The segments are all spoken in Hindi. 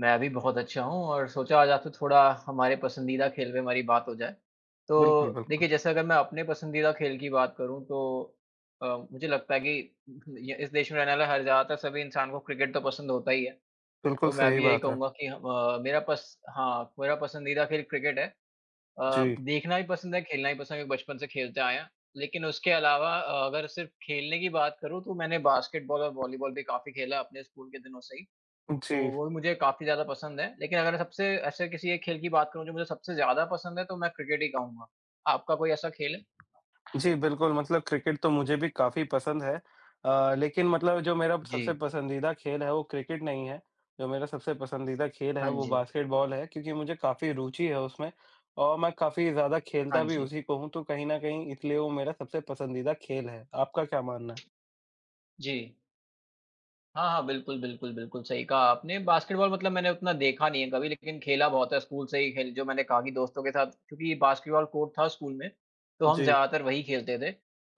मैं भी बहुत अच्छा हूँ और सोचा आज आपसे थोड़ा हमारे पसंदीदा खेल पे हमारी बात हो जाए। बिल्कुल, तो बिल्कुल। देखिए, जैसे अगर मैं अपने पसंदीदा खेल की बात करूँ तो अ, मुझे लगता है कि उहुँ, य इस देश में रहने वाला हर ज़्यादातर सभी इंसान को क्रिकेट तो पसंद होता ही है। बिल्कुल, तो मैं सही भी यही बात है। कहूँगा कि ह व मेरा पस हाँ, मेरा पसंदीदा खेल क्रिकेट है। अ, जी। देखना भी पसंद है, खेलना भी पसंद है, क्योंकि बचपन से खेलते आए हैं, लेकिन उसके अलावा अ, अगर सिर्फ़ खेलने की बात करूँ तो मैंने बास्केटबॉल और वॉलीबॉल भी काफ़ी खेला अपने स्कूल के दिनों से ही। उ, तो जी। वो भी मुझे काफ़ी ज़्यादा पसंद है लेकिन अगर सबसे ऐसे किसी एक खेल की बात करूँ जो मुझे सबसे ज़्यादा पसंद है तो मैं क्रिकेट ही कहूँगा। आपका कोई ऐसा खेल है? जी, बिल्कुल, मतलब क्रिकेट तो मुझे भी काफ़ी पसंद है। अ, लेकिन मतलब जो मेरा सबसे जी। पसंदीदा खेल है, वो क्रिकेट नहीं है। जो मेरा सबसे पसंदीदा खेल है, हाँ वो जी। बास्केटबॉल है, क्योंकि मुझे काफ़ी रुचि है उसमें और मैं काफ़ी ज़्यादा खेलता हाँ भी जी। उसी को हूँ, तो कहीं न कहीं इसलिए वो मेरा सबसे पसंदीदा खेल है। आपका क्या मानना है? जी। हाँ, हाँ, बिल्कुल, बिल्कुल, बिल्कुल, सही कहा आपने। बास्केटबॉल मतलब मैंने उतना देखा नहीं है कभी लेकिन खेला बहुत है स्कूल से ही खेल जो मैंने कहा कि दोस्तों के साथ, क्योंकि बास्केटबॉल कोर्ट था स्कूल में, तो हम जी। ज़्यादातर वहीं खेलते थे।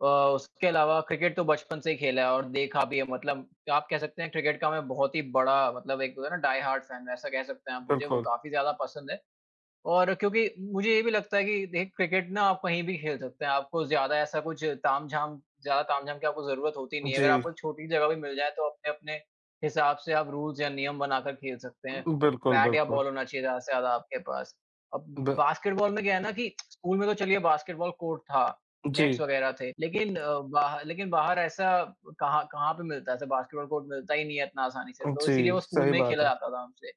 अ, उसके अलावा क्रिकेट तो बचपन से ही खेला है और देखा भी है, मतलब आप कह सकते हैं क्रिकेट का मैं बहुत ही बड़ा मतलब एक होता है ना डाई-हार्ट-फैन, वैसा कह सकते हैं आप मुझे वो बिल्कुल। काफ़ी ज़्यादा पसंद है। और क्योंकि मुझे ये भी लगता है कि देख क्रिकेट ना आप कहीं भी खेल सकते हैं। आपको ज़्यादा ऐसा कुछ तामझाम ज़्यादा तामझाम की आपको ज़रूरत होती नहीं है। अगर जी। आपको छोटी जगह भी मिल जाए तो अपने-अपने हिसाब से आप रुल्स या नियम बनाकर खेल सकते हैं। बिल्कुल, बैट या बिल्कुल। बॉल होना चाहिए ज़्यादा से ज़्यादा आपके पास। अब ब बास्केटबॉल में क्या है ना कि स्कूल में तो चलिए बास्केटबॉल कोर्ट था, जी। नेट्स वगैरह थे लेकिन अ, बाह लेकिन बाहर ऐसा कहाँ कहाँ पे मिलता है। ऐसा बास्केटबॉल कोर्ट मिलता ही नहीं है इतना आसानी से, अ, तो जी, इसीलिए वो स्कूल सही में ही खेला बात है। जाता था हमसे।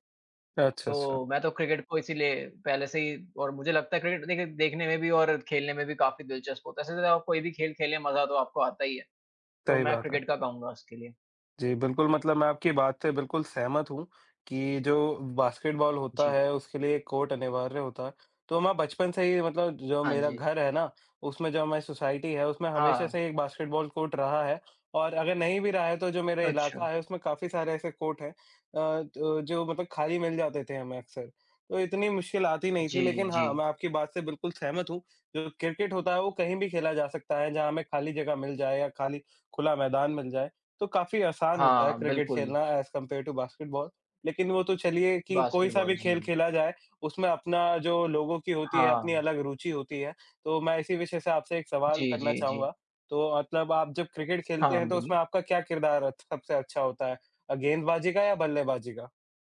अच्छा, अच्छा। तो मैं तो क्रिकेट को इसीलिए पहले से ही और मुझे लगता है क्रिकेट देख देखने में भी और खेलने में भी काफ़ी दिलचस्प होता है। वैसे तो आप कोई भी खेल खेलें, मज़ा तो आपको आता ही है। तो सही मैं बात है। क्रिकेट का कहूँगा उसके लिए। जी, बिल्कुल, मतलब मैं आपकी बात से बिल्कुल सहमत हूँ, कि जो बास्केटबॉल होता जी। है, उसके लिए कोर्ट अनिवार्य होता है। तो मैं बचपन से ही मतलब जो हाँ मेरा जी। घर है ना, उसमें जो हमारी सोसाइटी है, उसमें हमेशा हाँ। से एक बास्केटबॉल कोर्ट रहा है और अगर नहीं भी रहा है तो जो मेरा इलाका अच्छा। है, उसमें काफ़ी सारे ऐसे कोर्ट हैं अ, तो जो मतलब खाली मिल जाते थे हमें अक्सर। तो इतनी मुश्किल आती नहीं थी जी, लेकिन हाँ, जी। मैं आपकी बात से बिल्कुल सहमत हूँ। जो क्रिकेट होता है, वो कहीं भी खेला जा सकता है, जहाँ हमें खाली जगह मिल जाए या खाली खुला मैदान मिल जाए, तो काफ़ी आसान होता है हाँ, क्रिकेट बिल्कुल। खेलना ऐज़ कम्पेयर टू बास्केटबॉल। लेकिन वो तो चलिए कि कोई-सा बास्केटबॉल, भी खेल जी। खेला जाए, उसमें अपना जो लोगों की होती है, अपनी हाँ। अलग रुचि होती है। तो मैं इसी विषय से आपसे एक सवाल जी, करना जी, चाहूँगा, जी। तो आप जब आप जब क्रिकेट खेलते हाँ, हैं तो बोलिए? उसमें आपका क्या किरदार अच सबसे अच्छा होता है? अ, गेंदबाज़ी का या बल्लेबाज़ी का?